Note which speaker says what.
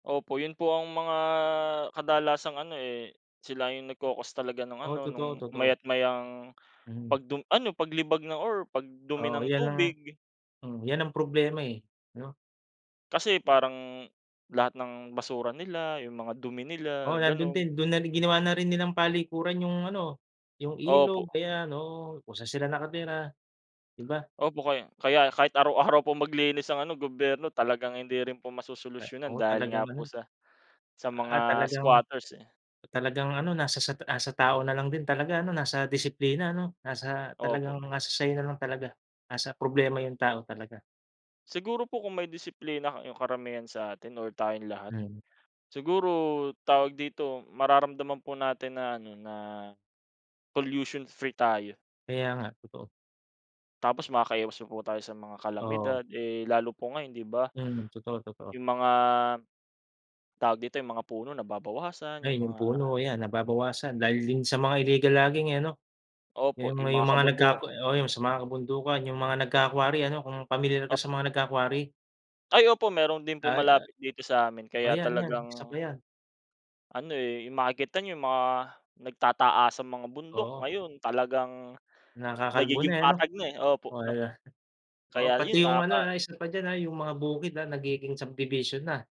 Speaker 1: Opo, yun po ang mga kadalasang ano, eh, sila yung nagko-cause talaga nung
Speaker 2: Oo,
Speaker 1: ano,
Speaker 2: totoo
Speaker 1: nung
Speaker 2: totoo.
Speaker 1: maya't mayang
Speaker 2: Mm.
Speaker 1: pagdu ano paglibag ng or pag dumi
Speaker 2: Oo,
Speaker 1: ng
Speaker 2: yan ang
Speaker 1: tubig.
Speaker 2: hmm, yan ang problema, eh, no?
Speaker 1: Kasi parang lahat ng basura nila, yung mga dumi
Speaker 2: Oo
Speaker 1: nila
Speaker 2: nandun
Speaker 1: ganun.
Speaker 2: din. Dun na ginawa na rin nilang palikuran yung ano, yung ilog
Speaker 1: Opo.
Speaker 2: ayan ano kung san sila nakatira, di ba?
Speaker 1: Opo kaya kaya kahit araw-araw po maglinis ang ano gobyerno talagang hindi rin po
Speaker 2: Kay
Speaker 1: masosolusyunan
Speaker 2: oo,
Speaker 1: dahil nga
Speaker 2: talagang
Speaker 1: po
Speaker 2: ganun.
Speaker 1: sa sa
Speaker 2: Ah,
Speaker 1: mga
Speaker 2: talagang
Speaker 1: squatters, eh.
Speaker 2: talagang ano nasa sa nasa tao na lang din talaga ano nasa disiplina, ano? Nasa,
Speaker 1: Opo.
Speaker 2: talagang nasa sa'yo na lang talaga. Nasa problema yung tao talaga.
Speaker 1: Siguro po kung may disiplina yung karamihan sa atin or tayong lahat.
Speaker 2: Mm.
Speaker 1: Siguro, tawag dito, mararamdaman po natin na ano, na pollution-free tayo.
Speaker 2: Kaya nga, totoo.
Speaker 1: Tapos makakaiwas pa po tayo sa mga
Speaker 2: Oo.
Speaker 1: kalamidad. Eh, lalo po ngayon, di ba?
Speaker 2: Mm. Totoo, totoo.
Speaker 1: Yung mga, tawag dito, yung mga puno nababawasan
Speaker 2: Ay
Speaker 1: yung
Speaker 2: yung
Speaker 1: mga
Speaker 2: puno, ayan nababawasan dahil din sa mga illegal logging eh, ano?
Speaker 1: Opo,
Speaker 2: Yung mga
Speaker 1: yung mga
Speaker 2: yung mga
Speaker 1: kabundu
Speaker 2: nagkaka oh yung sa mga kabundukan, yung mga nagka-quarry ano? Kung pamilyar ka
Speaker 1: At.
Speaker 2: sa mga nagka-quarry.
Speaker 1: Ay opo, meron din po
Speaker 2: Ay oh
Speaker 1: malapit dito sa amin
Speaker 2: oh
Speaker 1: kaya
Speaker 2: 'yan, 'yan isa
Speaker 1: talagang
Speaker 2: pa 'yan.
Speaker 1: ano eh, yung makikita yung mga nagtataasang mga bundok
Speaker 2: Oo.
Speaker 1: ngayon talagang
Speaker 2: Nakakalbo na
Speaker 1: nagiging
Speaker 2: eh, ano?
Speaker 1: patag na, eh. Opo,
Speaker 2: Oo
Speaker 1: nap
Speaker 2: eh, oo
Speaker 1: kaya
Speaker 2: pati
Speaker 1: yun
Speaker 2: yung ano,
Speaker 1: nakaka
Speaker 2: ah, isa pa d'yan, ah, yung mga bukid, ah, nagiging subdivision na.